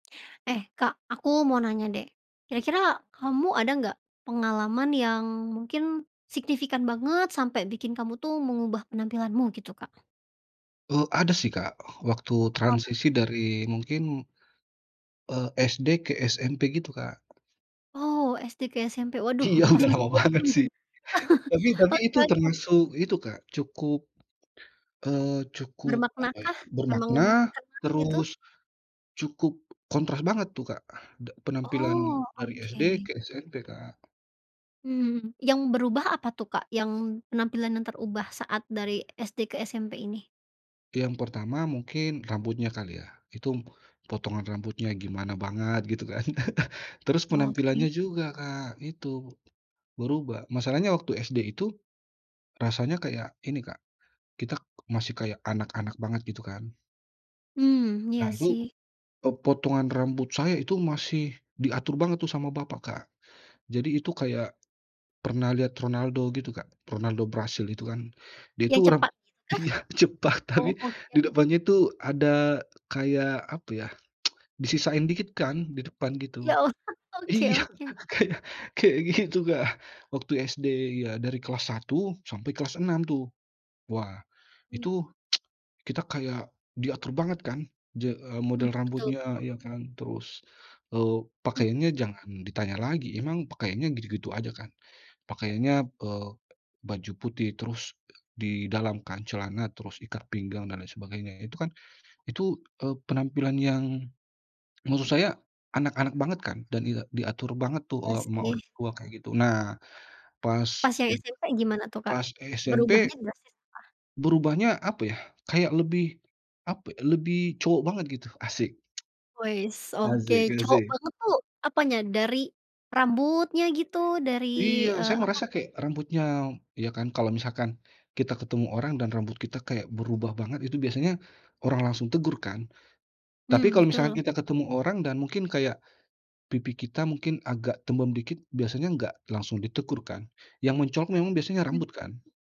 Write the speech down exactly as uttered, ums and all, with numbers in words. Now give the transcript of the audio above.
Eh, Kak aku mau nanya deh. Kira-kira kamu ada nggak pengalaman yang mungkin signifikan banget sampai bikin kamu tuh mengubah penampilanmu gitu, Kak? Eee, ada sih Kak, waktu Apa tuh? transisi dari mungkin eee, SD ke SMP gitu, Kak. Oh, SD ke SMP, waduh Iya, pas udah masih lama bocil banget nih. sih. Tapi tapi itu Oke oke. termasuk itu Kak cukup, eee, cukup, Bermakna apa ya, kah? Emang bermakna terkenang gitu? terus cukup kontras banget tuh Kak, d penampilan Oh, dari SD oke. ke SMP, Kak. Hmm, yang berubah apa tuh, Kak? Yang penampilan yang terubah saat dari SD ke SMP ini. Yang pertama mungkin rambutnya kali ya. itum potongan rambutnya gimana banget gitu kan. Terus Oke. penampilannya juga Kak itu, berubah. Masalahnya waktu SD itu rasanya kayak ini Kak, kita k masih kayak anak-anak banget gitu kan. Hmm, Nah iya itu, sih. eee, potongan rambut saya itu masih diatur banget tuh sama bapak, Kak. Jadi itu kayak, pernah lihat Ronaldo gitu, Kak? Ronaldo Brasil itu kan, dia Yang itu orang cepak itukah? iya, cepak Oh, tapi oke. di depannya tuh ada kayak, apa ya, disisain dikit kan di depan gitu. Ya Allah! Oke Iya, oke. kayak kayak gitu, Kak. Waktu SD iya, dari kelas satu sampai kelas enam tuh. Wah, Hmm. itu kita kayak diatur banget kan je eee, Hmm, model betul rambutnya, betul. iya kan terus, eee, Mmm. pakaiannya jangan ditanya lagi, emang pakaiannya gitu-gitu aja kan. Pakaiannya, eee, baju putih terus di dalam kan celana, terus ikat pinggang, dan lain sebagainya. Itu kan itu, eee, penampilan yang maksud saya anak-anak banget kan dan e diatur banget tuh, Iya eee, sama sih. orang tua kayak gitu. Nah, pas Pas yang SMP gimana tuh, Kak? pas SMP Berubahnya drastis ah? berubahnya, apa ya, kayak lebih, apa, lebih cowok banget gitu, asyik. Weis, oke. Asyik Cowok asyik. banget tuh apanya? Dari rambutnya gitu dari, Iya, eee, saya apa? merasa kayak rambutnya iya kan, kalau misalkan kita ketemu orang dan rambut kita kayak berubah banget, itu biasanya orang langsung tegur kan. Tapi Hmm, kalau misalkan betul. kita ketemu orang dan mungkin kayak pipi kita mungkin agak tembem dikit, biasanya nggak langsung ditegur kan, yang mencolok memang biasanya Hmm. rambut kan?